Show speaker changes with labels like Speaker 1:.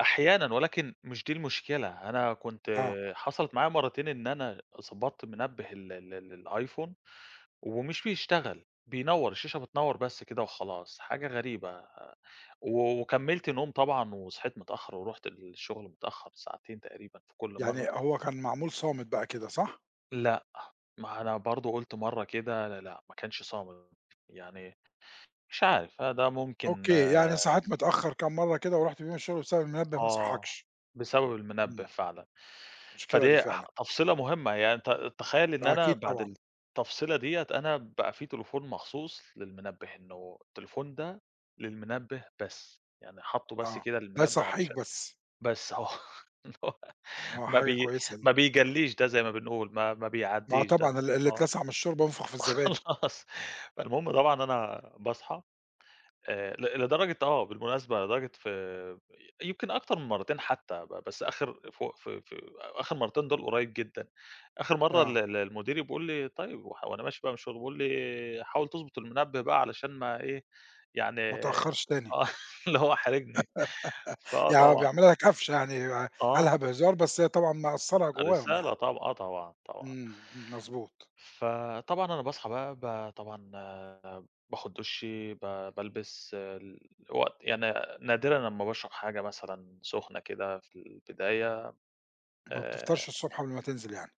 Speaker 1: أحيانًا، ولكن مش دي المشكلة، أنا كنت
Speaker 2: آه.
Speaker 1: حصل معايا مرَّتين إن أنا ضبَطت منبِّه ال ال ال Iphone ومش بيشتغَل، بينوَّر الشاشة، بتنوَّر بس كده وخلاص، حاجة غريبة، وكمَّلت نوم طبعًا وصحِيت متأخِّرة، ورُحت للشغل متأخِّر ساعتين تقريبًا في كل مرَّة.
Speaker 2: يعني هو كان معمول صامت بقى كده، صح؟
Speaker 1: لأ، ما هو أنا برضه قُلت مرَّة كده، لأ، لأ ما كانش صامِت يعني، مش عارِف، ده ممكن
Speaker 2: أوكي، يعني صحِيت متأخِّر كام مرَّة كده وما رُحتِش فيهُم الشغل بسبب المنبِّه ما
Speaker 1: آه،
Speaker 2: صحَّكِش.
Speaker 1: بسبب المنبِّه
Speaker 2: إمم.
Speaker 1: فعلًا،
Speaker 2: مشكلة دي
Speaker 1: فديَّة
Speaker 2: فعلًا.
Speaker 1: تفصيلة مهمَّة يعني، ت تخيَّل إن
Speaker 2: آه،
Speaker 1: أنا
Speaker 2: أكيد
Speaker 1: بعد
Speaker 2: طبعًا.
Speaker 1: التفصيلة ديَّة أنا بقى في تليفون مخصوص للمنبِّه، إنَّه التليفون ده للمنبِّه بس يعني، حاطِّه بس
Speaker 2: آه،
Speaker 1: كده
Speaker 2: ده
Speaker 1: للمنبِّه
Speaker 2: يصحِّيك
Speaker 1: علشان
Speaker 2: بس؟
Speaker 1: بس، آه
Speaker 2: آه،
Speaker 1: ما
Speaker 2: حاجة
Speaker 1: بي
Speaker 2: كويسة دي.
Speaker 1: ما بيجلِّيش ده زي ما بنقول، ما ما
Speaker 2: ما
Speaker 1: بيعدِّيش ده،
Speaker 2: طبعًا، ال اللي
Speaker 1: آه،
Speaker 2: اتلسَع من الشوربة ينفُخ في الزبادي.
Speaker 1: وخلاص. فالمهم طبعًا أنا باصحى آآ ل لدرجة آه، بالمناسبة، لدرجة، في آآ، يمكن أكتر من مرَّتين حتى، ب بس آخِر فو في في آخِر مرَّتين دول قريب جدًا، آخِر مرَّة ال
Speaker 2: آه.
Speaker 1: ال المدير بيقول لي: "طيِّب" و وأنا ماشي بقى من الشغل بيقول لي: "حاول تضبُط المنبِّه بقى علشان ما إيه" يعني
Speaker 2: ما
Speaker 1: آه،
Speaker 2: تأخرش تاني.
Speaker 1: اللي هو حارِجني. فآه
Speaker 2: يعني هو
Speaker 1: طبعًا
Speaker 2: بيعمل لك قفشة يعني،
Speaker 1: آه.
Speaker 2: قالها بهزار، بس طبعًا مأثرة جواهم يعني.
Speaker 1: رسالة طب آه طبعًا، طبعًا.
Speaker 2: إمم، إمم، مضبوط.
Speaker 1: فطبعًا أنا باصحى بقى ب طبعًا آآ، باخُد دُشي، ب بالبَس، ال الوقت يعني نادرًا لمّا باشرَب حاجة مثلًا سُخنة كده في البداية،
Speaker 2: ما
Speaker 1: آآ
Speaker 2: بتفطرش الصبح قبل ما تنزل يعني.